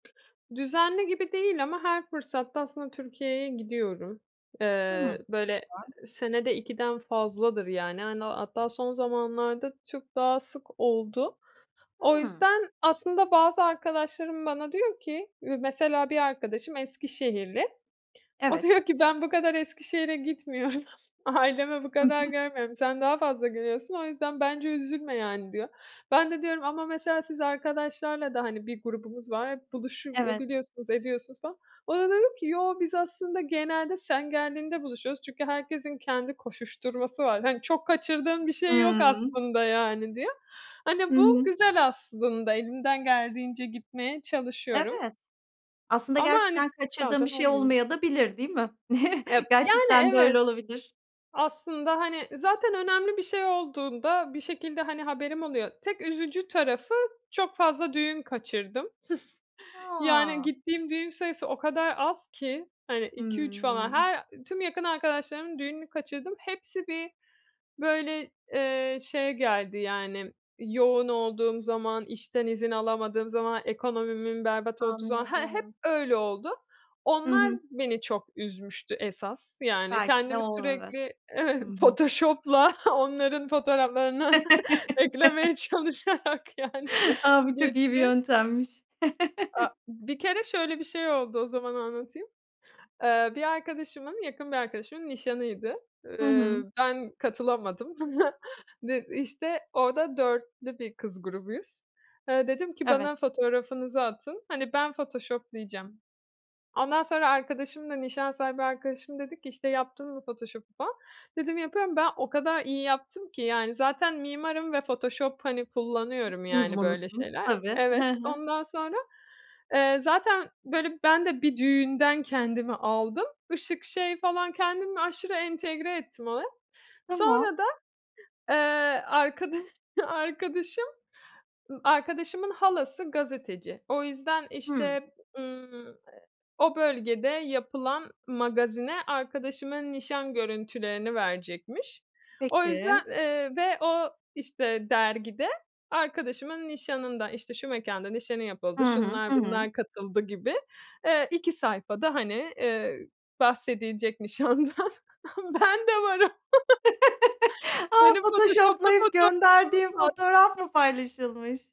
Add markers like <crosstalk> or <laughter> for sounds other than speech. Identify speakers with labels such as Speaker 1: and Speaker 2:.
Speaker 1: Düzenli gibi değil ama her fırsatta aslında Türkiye'ye gidiyorum. Eee,
Speaker 2: Hımm
Speaker 1: böyle
Speaker 2: <unintelligible>
Speaker 1: senede 2'den fazladır yani, hani, hatta son zamanlarda çok daha sık oldu. O
Speaker 2: Hımm.
Speaker 1: yüzden, aslında bazı arkadaşlarım bana diyor ki, mesela bir arkadaşım Eskişehirli, o
Speaker 2: Evet.
Speaker 1: diyor ki ben bu kadar Eskişehir'e gitmiyorum, ailemi bu
Speaker 2: Hı
Speaker 1: kadar
Speaker 2: hı.
Speaker 1: görmüyorum, sen daha fazla geliyorsun o yüzden bence üzülme yani diyor. Ben de diyorum ama mesela siz arkadaşlarla da hani bir grubumuz var, buluşup
Speaker 2: Evet.
Speaker 1: biliyorsunuz, ediyorsunuz falan. O da dedi ki "yok biz aslında genelde sen geldiğinde buluşuyoruz çünkü herkesin kendi koşuşturması var. Hani çok kaçırdığın bir şey yok
Speaker 2: Hımm.
Speaker 1: aslında" yani diye.
Speaker 2: Hı
Speaker 1: Hani bu
Speaker 2: hı.
Speaker 1: güzel aslında, elimden geldiğince gitmeye çalışıyorum.
Speaker 2: Evet. Aslında
Speaker 1: Ama hani,
Speaker 2: gerçekten kaçırdığın bir
Speaker 1: bazen
Speaker 2: şey
Speaker 1: olmuyor.
Speaker 2: olmayadabilir değil mi?
Speaker 1: Eee,
Speaker 2: <chuckles>
Speaker 1: yani
Speaker 2: Gerçekten de öyle
Speaker 1: evet.
Speaker 2: olabilir.
Speaker 1: Aslında hani zaten önemli bir şey olduğunda bir şekilde hani haberim oluyor. Tek üzücü tarafı, çok fazla düğün kaçırdım. <chuckles> Yani
Speaker 2: A!
Speaker 1: gittiğim düğün sayısı o kadar az ki hani 2-3 falan
Speaker 2: Hımm.
Speaker 1: her tüm yakın arkadaşlarımın düğününü kaçırdım. Hepsi bir böyle, eee, şeye geldi, yani, yoğun olduğum zaman, işten izin alamadığım zaman, ekonomimin berbat olduğu zaman, he hep
Speaker 2: Anladım.
Speaker 1: öyle oldu.
Speaker 2: Hı
Speaker 1: Onlar
Speaker 2: hı.
Speaker 1: beni çok üzmüştü esas, yani
Speaker 2: Belki de
Speaker 1: kendimi
Speaker 2: o olur. Evet,
Speaker 1: sürekli
Speaker 2: hı
Speaker 1: evet.
Speaker 2: hı.
Speaker 1: Photoshop'la onların fotoğraflarına
Speaker 2: <laughs>
Speaker 1: eklemeye çalışarak yani
Speaker 2: A! Bu çok iyi bir
Speaker 1: geçti.
Speaker 2: yöntemmiş.
Speaker 1: Aaa,
Speaker 2: <chuckles>
Speaker 1: bir kere şöyle bir şey oldu, o zaman anlatayım. Eee, bir arkadaşımın, yakın bir arkadaşımın, nişanıydı.
Speaker 2: Hı
Speaker 1: Eee,
Speaker 2: hı.
Speaker 1: ben katılamadım. <chuckles> Ne işte. Orada 4'lü bir kız grubuyuz. Eee, dedim ki
Speaker 2: Evet.
Speaker 1: bana fotoğrafınızı atın, hani ben photoshop'layacağım. Ondan sonra arkadaşım da, nişan sahibi arkadaşım dedi ki, işte "yaptın mı photoshop'u" falan. Dedim "yapıyorum" ben o kadar iyi yaptım ki yani, zaten mimarım ve Photoshop hani kullanıyorum, yani böyle
Speaker 2: Uzmanısın
Speaker 1: şeyler.
Speaker 2: tabii.
Speaker 1: Evet
Speaker 2: Hı hı.
Speaker 1: ondan sonra, eee, zaten böyle ben de bir düğünden kendimi aldım, ışık şey falan kendimi aşırı entegre ettim oraya,
Speaker 2: Tamam.
Speaker 1: sonra da, eee, arkadaş arkadaşım arkadaşımın halası gazeteci. O yüzden
Speaker 2: Hımm.
Speaker 1: işte, ımm, eee, o bölgede yapılan magazine arkadaşıma nişan görüntülerini verecekmiş. O
Speaker 2: Peki.
Speaker 1: yüzden, eee, ve o işte dergide arkadaşımın nişanından, işte şu mekânda nişanı
Speaker 2: Hı
Speaker 1: yapıldı,
Speaker 2: hı,
Speaker 1: şunlar
Speaker 2: hı hı.
Speaker 1: bunlar katıldı gibi, eee, 2 sayfada hani, eee, bahsedilecek nişandan ama ben de varım
Speaker 2: <chuckles> A,
Speaker 1: Benim photoshoplu
Speaker 2: Photoshoplayıp
Speaker 1: fotoğrafımız
Speaker 2: gönderdiğin
Speaker 1: var.
Speaker 2: fotoğraf mı paylaşılmış?